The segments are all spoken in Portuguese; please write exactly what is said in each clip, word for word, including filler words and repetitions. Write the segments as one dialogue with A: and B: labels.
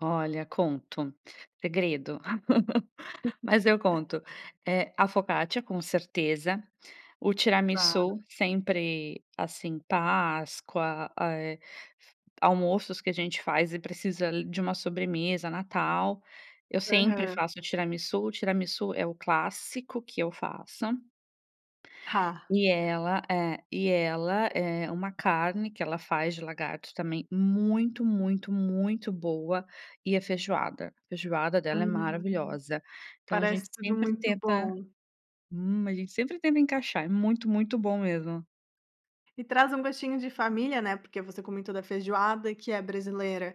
A: Olha, conto, segredo. Mas eu conto, eh, a focaccia com certeza, o
B: Claro.
A: tiramisu sempre, assim, páscoa, eh, almoços que a gente faz e precisa li de uma sobremesa, natal, eu sempre
B: Aham.
A: faço tiramisu, tiramisu é o clássico que eu faço
B: Ra
A: e ela é. E ela, eh, uma carne que ela faz de lagarto também muito, muito, muito boa, e a feijoada. A feijoada dela é
B: Hum.
A: maravilhosa. Então a
B: Parece
A: gente
B: tudo
A: sempre
B: muito
A: tenta
B: bom.
A: hum, a gente sempre tenta encaixar, é muito, muito bom mesmo.
B: E traz um gostinho de família, né, porque você comentou da feijoada que é brasileira,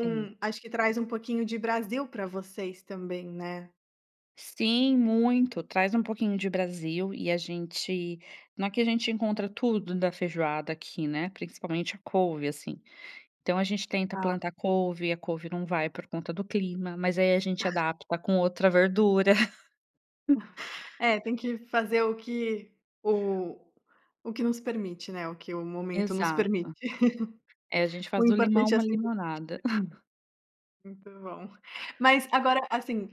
A: Sim.
B: acho que traz um pouquinho de Brasil pra vocês também, né.
A: Sim, muito. Traz um pouquinho de Brasil e a gente não é que a gente encontra tudo da feijoada aqui, né, principalmente a couve, assim. Então a gente tenta
B: Tá.
A: plantar couve, e a couve não vai por conta do clima, mas aí a gente adapta com outra verdura.
B: É, tem que fazer o que o o que nos permite, né, o que o momento nos
A: Exato.
B: permite.
A: É, a gente faz
B: O
A: do limão
B: importante é
A: uma
B: ser
A: limonada.
B: [unintelligible] Muito bom. Mas agora, assim,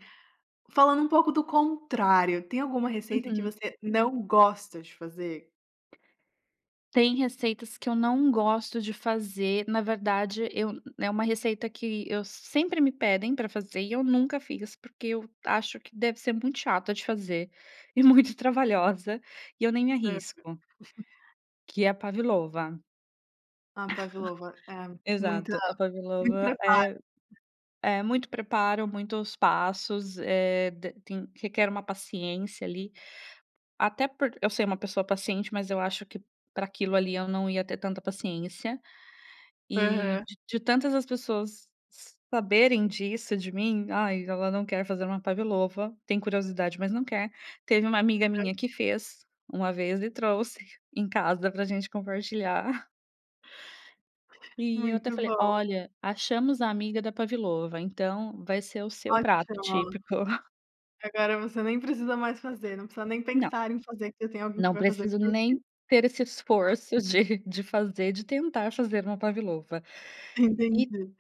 B: falando um pouco do contrário, tem alguma receita que
A: Uhum.
B: você não gosta de fazer?
A: Tem receitas que eu não gosto de fazer na verdade eu eh, uma receita que eu sempre me pedem para fazer e eu nunca fiz, porque eu acho que deve ser muito chata de fazer e muito trabalhosa, e eu nem
B: Aham.
A: arrisco que é a pavlova.
B: A pavlova. É, muita
A: Exato, a
B: muito
A: pavlova
B: preparo.
A: é é muito preparo, muitos passos, eh, d tem requer uma paciência, ali. Até por eu ser uma pessoa paciente, mas eu acho que pra aquilo ali eu não ia ter tanta paciência. E
B: Aham.
A: d de tantas as pessoas s saberem disso de mim, "Ai, ela não quer fazer uma pavlova, tem curiosidade, mas não quer", teve uma amiga
B: [unintelligible]
A: minha que fez uma vez e trouxe em casa pra gente compartilhar. E eu até
B: Muito
A: falei:
B: bom.
A: "Olha, achamos a amiga da pavlova, então vai ser o seu prato
B: Ótimo.
A: típico".
B: Agora você nem precisa mais fazer, não precisa nem
A: Não.
B: pensar em fazer, porque tem alguém que
A: Não
B: vai fazer
A: preciso
B: por ti.
A: nem ter esse esforço de de fazer de tentar fazer uma pavlova. E
B: Entendi.